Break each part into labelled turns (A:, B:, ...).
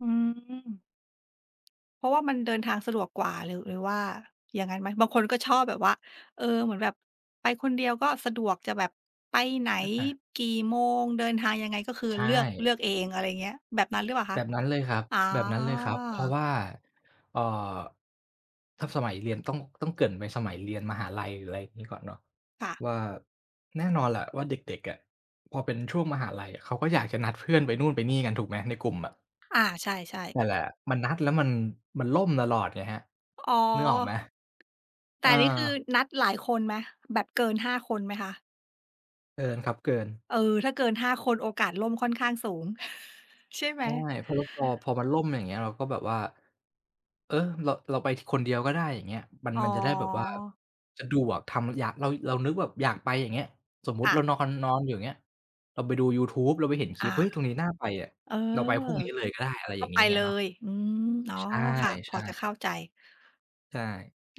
A: อืม เพราะว่ามันเดินทางสะดวกกว่า หรือ หรือว่าอย่างงั้นไหม? บางคนก็ชอบแบบว่า เออ เหมือนแบบไปคนเดียวก็สะดวก จะแบบไปไหน
B: อา
A: กี่โมง เดินทางยังไง ก็คือ
B: ใช
A: เลือก เ
B: ่
A: ลือกเอง อะไรอย่างเงี้ย แบบนั้นหรือเปล่าค
B: แบ
A: ะ?
B: บนั้นเลยครับ
A: อ๋อ
B: แบบนั้นเลยครับ เพราะว่า เอ่อ ถ้าสมัยเรียนต้อง ต้องเกริ่นไปสมัยเรียนมหาลัย หรืออะไรอย่างงี้ก่อนเนาะ
A: ค่ะ
B: ว่า แน่นอนแหละว่าเด็ก ๆ อะ พอเป็นช่วงมหาลัย เขาก็อยากจะนัดเพื่อนไปนู่นไปนี่กัน ถูกไหมในกลุ่มอะ?
A: อา ใช่ ๆ
B: นั่นแหละ มันนัดแล้วมัน มันล่มตลอดไงครับ
A: อ๋อ
B: นึกออกไหม?
A: แต
B: เ
A: ่
B: ออ
A: นี่คือนัดหลายคนไหม? แบบเกิน 5 คนไหมคะ?
B: เกินครับเกิน
A: เออ ถ้าเกิน 5 คน โอกาสล่มค่อนข้างสูง ใช่ไห
B: ใ
A: ม?
B: ช่ เพราะ ล พอ พอมันล่มอย่างเงี้ย เราก็แบบว่า เออ เรา เราไปคนเดียวก็ได้ อย่างเงี้ย มัน
A: อ๋
B: มันจะได้แบบว่า
A: อ
B: สะดวก ทำอยาก เรา เรานึกแบบอยากไปอย่างเงี้ย สมม
A: ค
B: ติ
A: ่
B: เ
A: ะ
B: รานอน ๆ อยู่อย่างเงี้ย เราไปดูยูทูบ เราไปเห็นค
A: อ
B: ล
A: า
B: ิป เฮ้ย ตรงนี้น่าไปอะ
A: เออ
B: เราไปพรุ่งนี้เลยก็ได้ อะไร
A: ก
B: อย
A: ็
B: ่าง
A: ไ
B: ง
A: ป
B: ี้ไง
A: เล
B: เนาะ
A: ย อืม อ๋อ
B: ใช
A: ค่ะ พอ
B: ่
A: จะ
B: ๆ
A: เข้าใจ
B: ใช่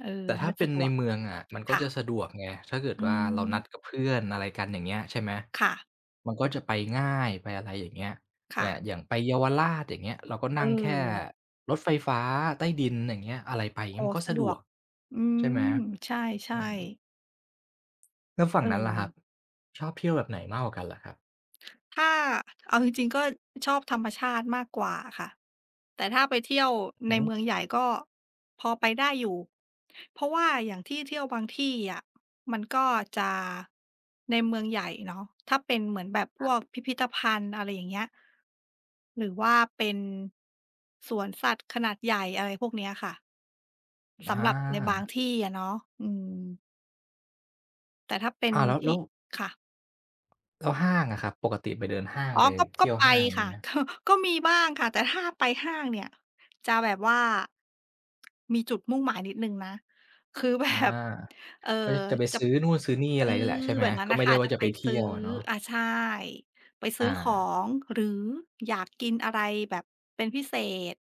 A: เออ
B: แต่ถ
A: ไ
B: ้
A: ม
B: า
A: ่
B: เป
A: ส
B: ็
A: ะ
B: น
A: ด
B: ใน
A: วก
B: เมืองอะ มันก็
A: ค่
B: จะ
A: ะ
B: สะดวกไง ถ้าเกิด
A: อื
B: ว่าเราน
A: ม
B: ัดกับเพื่อน อะไรกันอย่างเงี้ย ใช่ไหม
A: ค่ะ
B: มันก็จะไปง่าย ไปอะไรอย่างเงี้ย
A: ค
B: เ
A: ่
B: นี่ย
A: ะ
B: อย่างไปเยาวราชอย่างเงี้ย เราก็
A: เ
B: นั่งแค่
A: ออ
B: รถไฟฟ้าใต้ดินอย่างเงี้ย อะไรไป
A: โ
B: เง
A: อ
B: ี
A: ้
B: ้ย มันก็
A: ส
B: ส
A: ะ
B: ะ
A: ด
B: ด
A: ว
B: ว
A: ก
B: ก
A: อื
B: ใช่ไหม?
A: ม ใช
B: อ
A: ่
B: ือ
A: ๆ
B: แล้วฝั่งนั้นล่ะครั
A: เออ
B: บ ชอบเที่ยวแบบไหนมากกว่ากันล่ะครับ?
A: ถ้าเอา จริง ๆ ก็ชอบธรรมชาติมากกว่าค่ะ แต่ถ้าไปเที่ยวใน
B: หื
A: เ
B: อ
A: มืองใหญ่ ก็พอไปได้อยู่ เพราะว่าอย่างที่เที่ยวบางที่อะ มันก็จะในเมืองใหญ่เนาะ ถ้าเป็นเหมือนแบบพ
B: ครั
A: ว
B: บ
A: กพิพิธภัณฑ์ อะไรอย่างเงี้ย หรือว่าเป็นสวนสัตว์ขนาดใหญ่ อะไรพวกเนี้ยค่ะ
B: ม
A: ส
B: อ
A: ำหรับในบาง
B: า
A: ที่อะเนาะ อืม แต่ถ้าเป็น
B: อ้าว แล้ว
A: ท
B: แ
A: ี
B: ล
A: ่
B: ้ว
A: ค่ะ
B: แล้วห้างอะครับ ปกติไปเดินห้าง
A: อ๋อ
B: ไป
A: ก็
B: เท
A: ก
B: ี
A: ็
B: ่ยว
A: ไป
B: ห้าง อย่าง
A: ค
B: งี
A: ่ะ
B: ้ไหม?
A: ก็ ก็มีบ้างค่ะ แต่ถ้าไปห้างเนี่ย จะแบบว่า มีจุดมุ่งหมายนิดหนึ่งนะ คือ แบ
B: อา
A: บ เอ่อ
B: ก็ ย จะไป
A: จะ
B: ซื้อนู่นซื้อนี่
A: อ
B: อ
A: ื
B: ะไรนี่แหละ
A: อ
B: ใช่ไหม?
A: แบบนั้
B: ก
A: น
B: ็
A: น่
B: ไ
A: ะ
B: ม่
A: ค
B: ได
A: ่
B: ้
A: ะ
B: ว่
A: จ
B: า
A: ะ
B: จะ
A: ไป
B: ไปเท
A: ซ
B: ี
A: ื
B: ่
A: ้อ
B: ยวอะเนาะ
A: อ่า ใช่ ไปซื
B: อ
A: ้อขอ
B: า
A: ง หรืออยากกินอะไรแบบเป็นพิเศษ